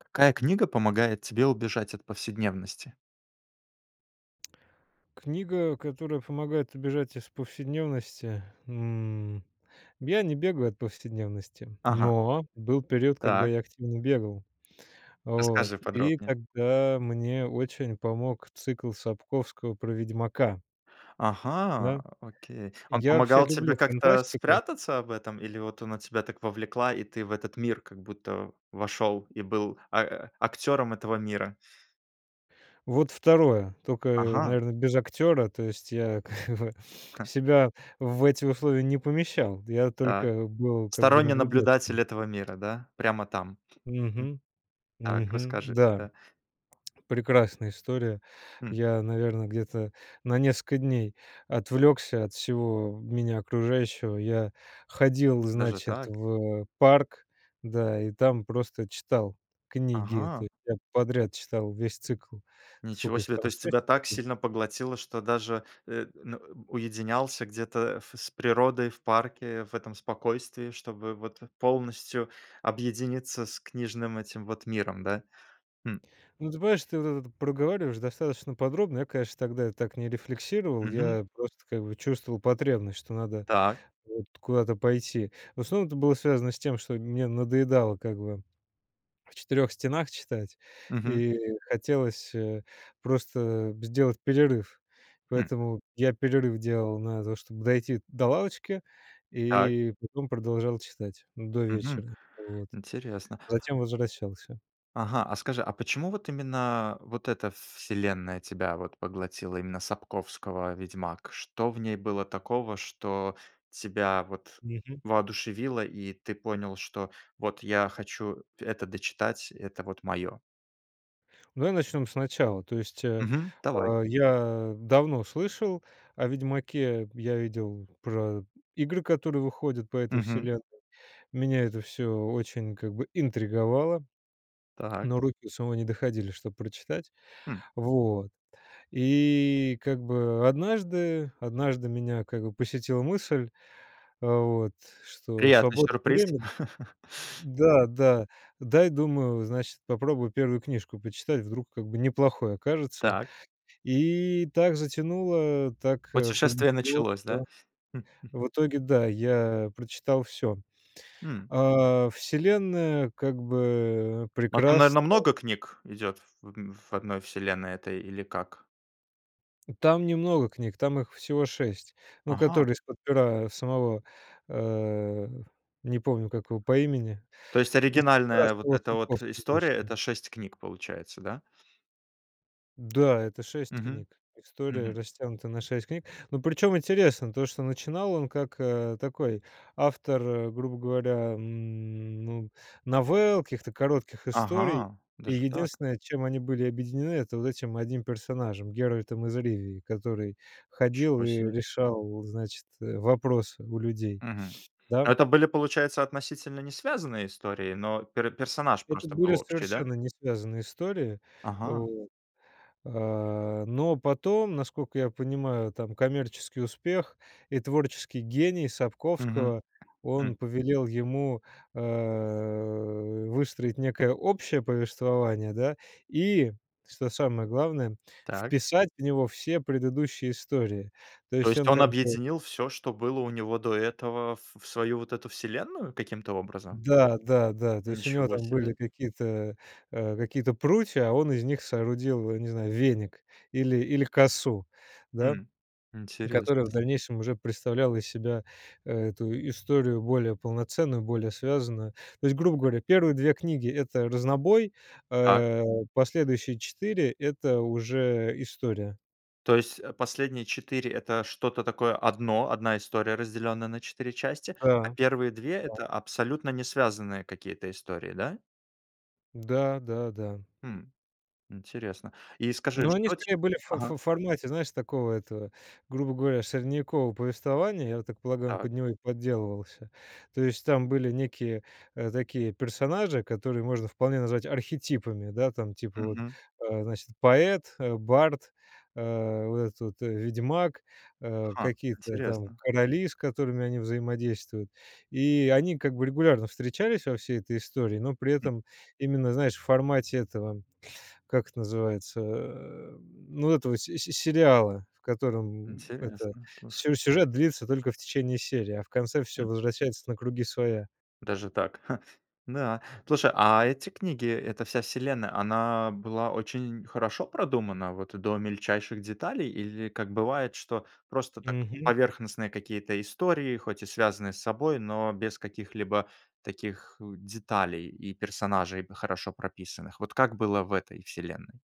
Какая книга помогает тебе убежать от повседневности? Книга, которая помогает убежать из повседневности? М. Я не бегаю от повседневности, Ага. но был период, когда Так. я активно бегал. Вот. Расскажи И подробнее. тогда мне очень помог цикл Сапковского про "Ведьмака". Ага, Да? окей. Он Я вообще помогал тебе люблю как-то фантастику. спрятаться в этом, или вот она тебя так вовлекла, и ты в этот мир как будто вошёл и был а актёром этого мира? Вот 2, тока, э, Ага. наверно, без актёра. То есть я как бы Ха. себя в эти условия не помещал, я Так, только был как бы сторонний наблюдателем. наблюдатель этого мира, да? Прямо там, м. Мгм. Так, Мгм. расскажи Да. тогда. Прекрасная история. Хм. Я, наверно, где-то на несколько дней отвлёкся от всего меня окружающего. Я ходил, Даже значит, так? в парк, да, и там просто читал книги Ага! этой, прям подряд читал весь цикл. Ничего Сколько их себе! там? То двадцать есть пять, тебя так что ли. сильно поглотило, что даже э, на уединялся где-то ф с природой в парке, в этом спокойствии, чтобы вот полностью объединиться с книжным этим вот миром, да? Хм. Ну, ты понимаешь, ты вот этот проговариваешь достаточно подробно. Я, конечно, тогда так не рефлексировал, Мгм. я просто как бы чувствовал потребность, что надо Так. вот куда-то пойти. В основном это было связано с тем, что мне надоедало как бы в 4 стенах читать Мгм. и хотелось, э, просто сделать перерыв, Хм. поэтому я перерыв делал на то, чтоб дойти до лавочки, Так. и потом продолжал читать, ну, до Мгм, вечера. Вот. интересно. Затем возвращался. Ага. А скажи, а почему вот именно вот эта селенная тебя вот поглотила? Именно Сапковского "Ведьмак"? Что в ней было такого, что тебя вот Мгм. воодушевило? И ты понял, что: "Вот я хочу это дочитать, это вот моё". Давай начнем сначала. То есть, э, Мгм. Давай. а, я давно слышал о "Ведьмаке". Я видел про игры, которые выходят по этой Мгм. вселенной. Меня это всё очень, как бы, интриговало. Так. Но руки у самого не доходили, чтобы прочитать, Хм. вот. И, как бы, однажды однажды меня, как бы, посетила мысль. Э, вот что Приятный свободное сюрприз. время, да да дай, думаю, э, значит, попробую 1 книжку прочитать. Вдруг, как бы, неплохой окажется, Так. и так затянуло. Так, э, Путешествие понесло, началось, да? что в итоге да, я прочитал всё. М. А, вселенная, как бы, э, Да, там, наверное, прекрасна. много книг идёт в в одной вселенной этой. Или как? Там немного книг, там их всего 6, ну, Ага. которые из-под пера самого, э, не помню, как его по имени. То есть Из-под пера оригинальная вот самого эта вот Сапковского история- вышло. это 6 книг получается, да? Да, это 6 Мгм. книг, история Мгм. растянута на 6 книг, но, причём, интересно то, что начинал он как, э, такой автор, грубо говоря, ну, новелл, каких-то коротких историй, Ага, и даже так? единственное, чем они были объединены- это вот этим 1 персонажем- Геральтом из Ривии, который ходил Ничего и себе. решал, значит, вопросы у людей, Мгм. да? Это были, получается, относительно не связанные истории, но пер персонаж был Это просто были общий, да? совершенно не связанные истории, Ага. вот, а. Но потом, насколько я понимаю, там коммерческий успех и творческий гений Мгм. Сапковского, Хм. он повелел ему, э, выстроить некое общее повествование, да, и, что самое главное, Так. вписать в него все предыдущие истории. То То есть есть он он как бы объединил всё, что было у него до этого, в в свою вот эту вселенную каким-то образом? Да, да, да. То есть у него Ничего там были себе. какие-то, э, какие-то прутья, а он из них соорудил, не знаю, веник или или косу, да, Хм, интересный которая в случай! дальнейшем уже представляла из себя эту историю более полноценную, более связанную. То есть, грубо говоря, первые 2 книги- это разнобой, Так. а последующие 4- это уже история. То есть последние 4- это что-то такое одно, одна история, разделённая на 4 части, а Да, первые 2- это да. абсолютно не связанные какие-то истории, да? Да, да, да. Хм. Интересно. И скажи, Ну, они что тебе скорее были в ф Ага. ф формате, знаешь, такого этого, грубо говоря, средневекового повествования. Я так полагаю, он Так. под него и подделывался. То есть там были некие, э, такие персонажи, которые можно вполне назвать архетипами. Да, там, типа, вот, Мгм. э, значит, поэт, бард, э, вот этот вот ведьмак, э, Ха. какие-то там Интересно. короли, с которыми они взаимодействуют, и они как бы регулярно встречались во всей этой истории. Но при Хм. этом именно, знаешь, в формате этого, как это называется, э, ну, этого си си сериала, в котором это Интересно, слушай. сю сюжет длится только в течение серии, а в конце Хм. всё возвращается на круги своя. Даже так, ха. Да. Слушай, а эти книги, эта вся вселенная, она была очень хорошо продумана, вот до мельчайших деталей? Или, как бывает, что просто, так, Мгм. поверхностные какие-то истории, хоть и связанные с собой, но без каких-либо таких деталей и персонажей, хорошо прописанных? Вот как было в этой вселенной?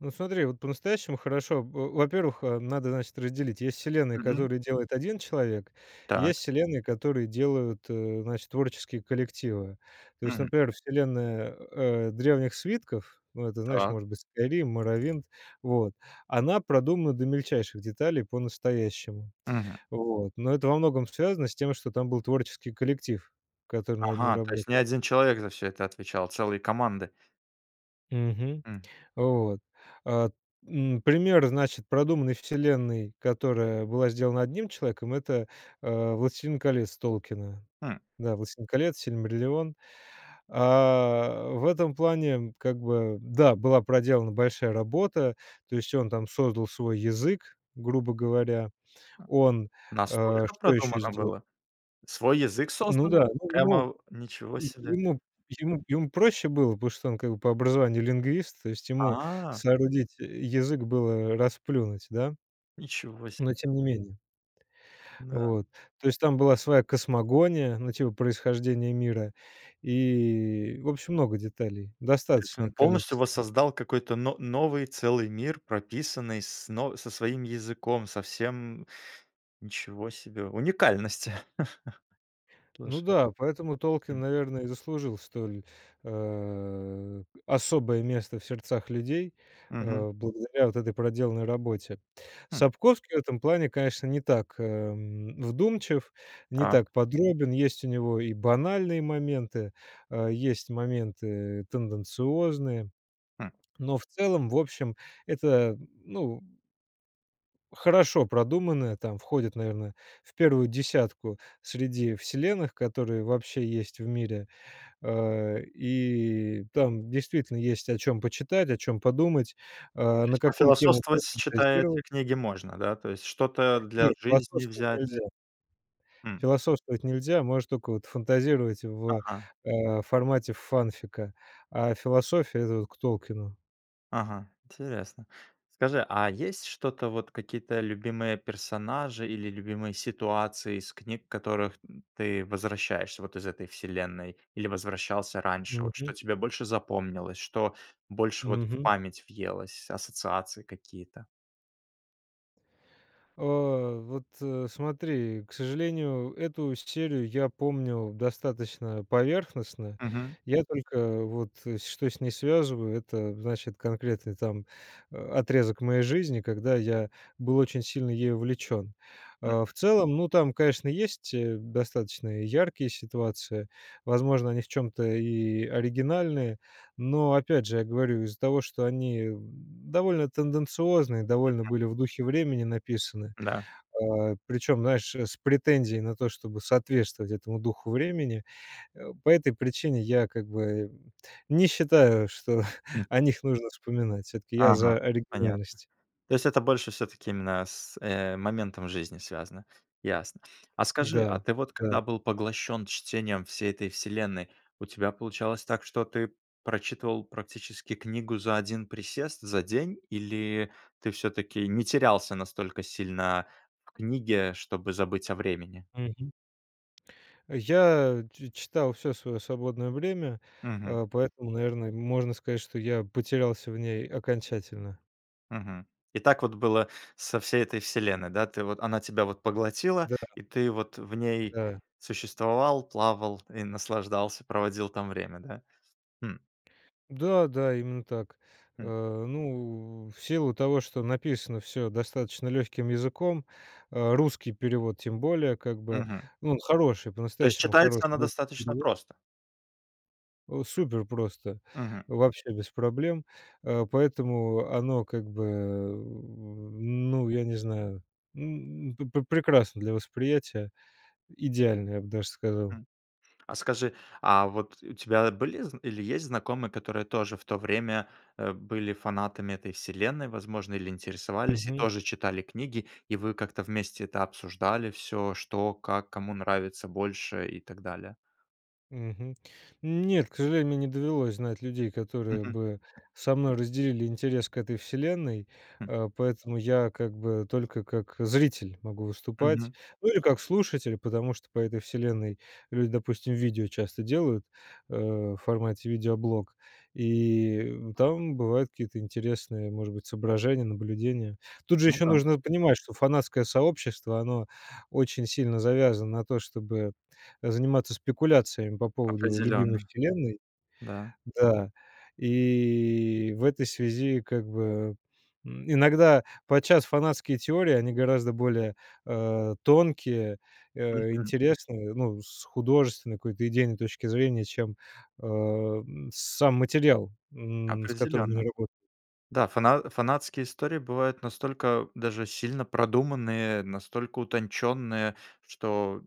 Ну, смотри, вот по-настоящему хорошо. Во во-первых, э, надо, значит, разделить: есть вселенные, Мгм. которые делает 1 человек, и Так. есть вселенные, которые делают, э, значит, творческие коллективы. То есть, Мгм. например, вселенная, э, "Древних свитков", ну, это, знаешь, Так. может быть, "Скайрим", "Морровинд", вот она продумана до мельчайших деталей по-настоящему. Мгм. Вот. Но это во многом связано с тем, что там был творческий коллектив, который над ней Ага. То есть не работал. 1 человек за всё это отвечал, целые команды. Мгм. М. Вот. А, м, пример, значит, продуманной вселенной, которая была сделана одним человеком- это, а, "Властелин колец" Толкина. М. Да, "Властелин колец", "Сильмариллион". А, в этом плане как бы, да, была проделана большая работа, то есть он там создал свой язык, грубо говоря. Он, а, Настолько что еще продумано сделал? было? Свой язык Ну создал, да. Ну, его прямо? Ничего е себе! ему ему ему проще было, потому что он как бы по образованию лингвист, то есть ему А. соорудить язык было раз плюнуть, да. Ничего себе! Но тем не менее. Да. Вот. То есть там была своя космогония на тему происхождения мира, и, в общем, много деталей, То есть достаточное он полностью количество. воссоздал какой-то но новый целый мир, прописанный с но со своим языком, со всем. Ничего себе уникальность! Ну Слушай, да, поэтому Толкин, м. наверно, и заслужил столь, а, особое место в сердцах людей, Мгм. а, благодаря вот этой проделанной работе. М. Сапковский в этом плане, конечно, не так, эм, вдумчив, не Так. так подробен. Есть у него и банальные моменты, а есть моменты тенденциозные, Хм. но в целом, в общем, это, ну хорошо продуманная, там, входит, наверное, в 1 десятку среди вселенных, которые вообще есть в мире, а, и там действительно есть о чём почитать, о чём подумать, а, То на есть какую тему пофилософствовать, читая эти пофантазировать. книги, можно, да, то есть? Что-то для Нет, жизни философствовать взять? нельзя. Хм. Философствовать нельзя, можно только вот фантазировать в, Ага. а, формате фанфика, а философия- это вот к Толкину. Ага, интересно. Скажи, а есть что-то вот, какие-то любимые персонажи или любимые ситуации из книг, к которым ты возвращаешься вот из "Этой вселенной", или возвращался раньше? Вот что Мгм. тебе больше запомнилось, что больше вот в Мгм. память въелось, ассоциации какие-то? А. Вот смотри, к сожалению, эту серию я помнил достаточно поверхностно. Мгм. Я только вот что с ней связываю, это значит конкретный там отрезок моей жизни, когда я был очень сильно ей увлечен. Мгм. А в целом, ну, там, конечно, есть, э, достаточно яркие ситуации, возможно, они в чём-то и оригинальные. Но опять же, я говорю, из-за того что они довольно тенденциозны, довольно Мгм. были в духе времени написаны, Да. а, причем, знаешь, с претензией на то, чтобы соответствовать этому духу времени. По этой причине я как бы не считаю, что о них нужно вспоминать. Всё-таки я Ага, за понятно. оригинальность. То есть это больше всё-таки, именно, с э, моментом жизни связано? Ясно. А скажи, а Да ты вот когда да. был поглощен чтением всей "Этой вселенной", у тебя получалось так, что ты прочитывал практически книгу за 1 присест, за день? Или ты всё-таки не терялся настолько сильно в книге, чтобы забыть о времени? Мгм. Я ч читал всё свое свободное время, Мгм. а, поэтому, наверно, можно сказать, что я потерялся в ней окончательно. Мгм. И так вот было со всей "Этой вселенной", да? Ты вот Она тебя вот поглотила, Да. и ты вот в ней Да. существовал, плавал и наслаждался, проводил там время. Да? Хм. Да да, именно так. Хм. Э, ну, в силу того, что написано всё достаточно легким языком, а, русский перевод тем более как бы. Мгм. Ну, он хороший, То есть по-настоящему читается хороший она русский достаточно перевод. просто? Супер просто. Мгм. Вообще без проблем. А, поэтому оно как бы, ну, я не знаю, м, п прекрасно для восприятия. Идеально, я б даже сказал. М. А скажи, а вот у тебя были зн или есть знакомые, которые тоже в то время, э, были фанатами "Этой вселенной", возможно, или интересовались и Мгм. тоже читали книги? И вы как-то вместе это обсуждали всё: что, как, кому нравится больше, и так далее? Мгм. Нет, к сожалению, мне не довелось знать людей, которые Мгм. бы со мной разделили интерес к "Этой вселенной", М. а, поэтому я как бы только как зритель могу выступать, Мгм. ну или как слушатель, потому что по "Этой вселенной" люди, допустим, видео часто делают, э, в формате видеоблог, и там бывают какие-то интересные, может быть, соображения, наблюдения. Тут же Ну еще да. нужно понимать, что фанатское сообщество, оно очень сильно завязано на то, чтобы заниматься спекуляциями по поводу любимой Определенно. вселенной. Да. Да. И в этой связи как бы, м, иногда подчас фанатские теории, они гораздо более, а, тонкие, э, Мгм. интересные, ну, с художественной какой-то идейной точки зрения, чем, а, м, сам материал, м, с которым Определенно. они работают. Да, фана фанатские истории бывают настолько даже сильно продуманные, настолько утонченные, что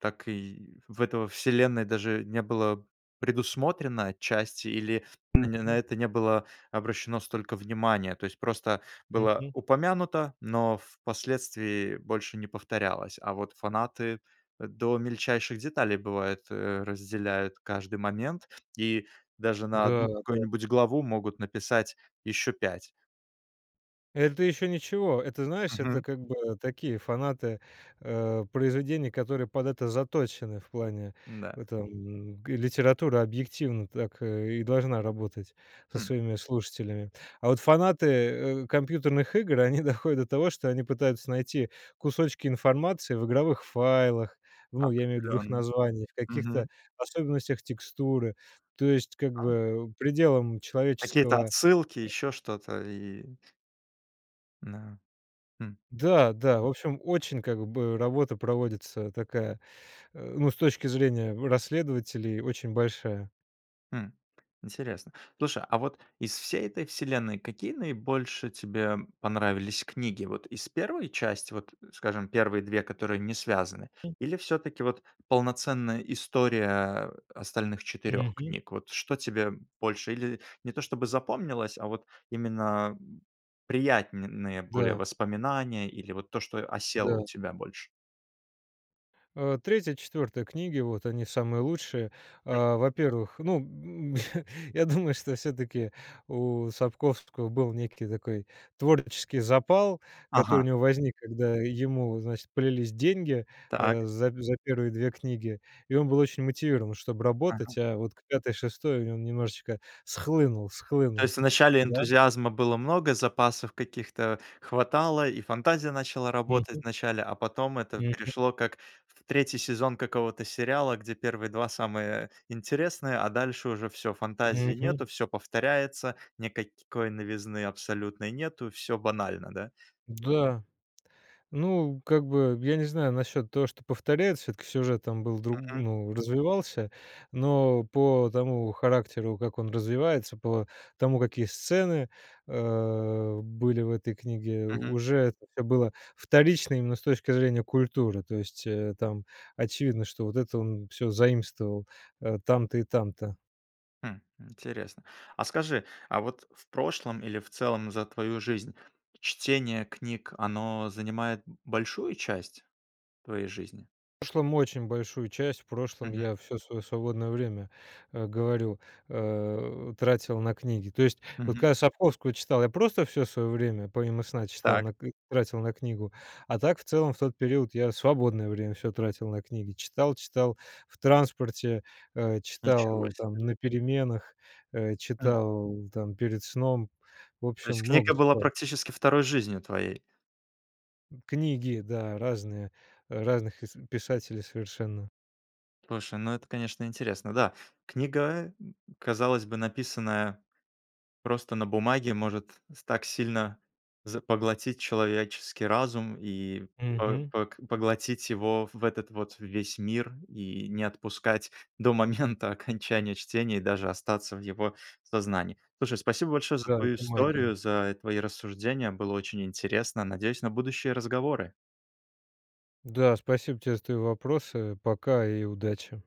так и в этой вселенной даже не было предусмотрено отчасти, или они на Мгм. это не было обращено столько внимания. То есть просто было Мгм. упомянуто, но впоследствии больше не повторялось. А вот фанаты до мельчайших деталей, бывает, э, разделяют каждый момент, и даже на Да 1 да. какую-нибудь главу могут написать еще 5. Это еще ничего. Это, знаешь, это Мгм. как бы такие фанаты, а, произведений, которые под это заточены в плане Да. этом. Г литература, объективно, так и должна работать со Хм. своими слушателями. А вот фанаты, э, компьютерных игр- они доходят до того, что они пытаются найти кусочки информации в игровых файлах, ну, я имею в виду в их Определенно. названиях, каких-то Мгм. особенностях текстуры. То есть как А. бы пределом Какие-то человеческого отсылки, еще что-то, и Да. Хм. Да да. В общем, очень, как бы, работа проводится такая, ну, с точки зрения расследователей, очень большая. Хм. Интересно. Слушай, а вот из всей "Этой вселенной" какие наибольше тебе понравились книги? Вот из 1 части, вот, скажем, первые 2, которые не связаны, или всё-таки вот полноценная история остальных 4 Мгм. книг? Вот что тебе больше? Или не то чтобы запомнилось, а вот именно приятные более Да. воспоминания, или вот то, что осело у Да. тебя больше? А, 3-4 книги, вот они самые лучшие. А, во-первых, ну, я думаю, что всё-таки у Сапковского был некий такой творческий запал, который у Ага. него возник, когда ему, значит, полились деньги, Так. а, за за 1 2 книги, и он был очень мотивирован, чтобы Ага. работать. А вот к 5-6 он немножечко схлынул, То схлынул. есть вначале Да. энтузиазма было много, запасов каких-то хватало, и фантазия начала работать Мгм. вначале. А потом это Мгм. пришло как в 3 сезон какого-то сериала, где 1 2 самые интересные, а дальше уже всё- фантазии Мгм. нету, всё повторяется, никакой новизны абсолютной нету, всё банально. Да? Да. Ну, как бы я не знаю насчет того, что повторяется. Всё-таки сюжет там был дру Мгм. ну, развивался. Но по тому характеру, как он развивается, по тому, какие сцены, э, были в этой книге, Мгм. уже как-то было вторично именно с точки зрения культуры. То есть, э, там очевидно, что вот это он всё заимствовал, э, там-то и там-то. Хм, интересно. А скажи, а вот в прошлом или в целом за твою жизнь чтение книг, оно занимает большую часть твоей жизни? В прошлом очень большую часть, в прошлом Мгм. я всё своё свободное время, э, говорю, э, тратил на книги. То есть вот Мгм. когда я Сапковского читал, я просто всё своё время помимо сна читал Так. на к и тратил на книгу. А так, в целом, в тот период я свободное время всё тратил на книги, читал читал в транспорте, э, Ничего читал там себе! на переменах, э, М. читал там перед сном. В То общем, есть много книга была читал. практически 2 жизнью твоей? Книги, да, разные, разных ис писателей совершенно. Слушай, ну, это, конечно, интересно. Да, книга, казалось бы, написанная просто на бумаге, может с так сильно за поглотить человеческий разум и по Мгм. пог поглотить его в этот вот весь мир, и не отпускать до момента окончания чтения, и даже остаться в его сознании. Слушай, спасибо большое за Да, твою это историю, магия. за твои рассуждения! Было очень интересно. Надеюсь на будущие разговоры! Да, спасибо тебе за твои вопросы. Пока и удачи!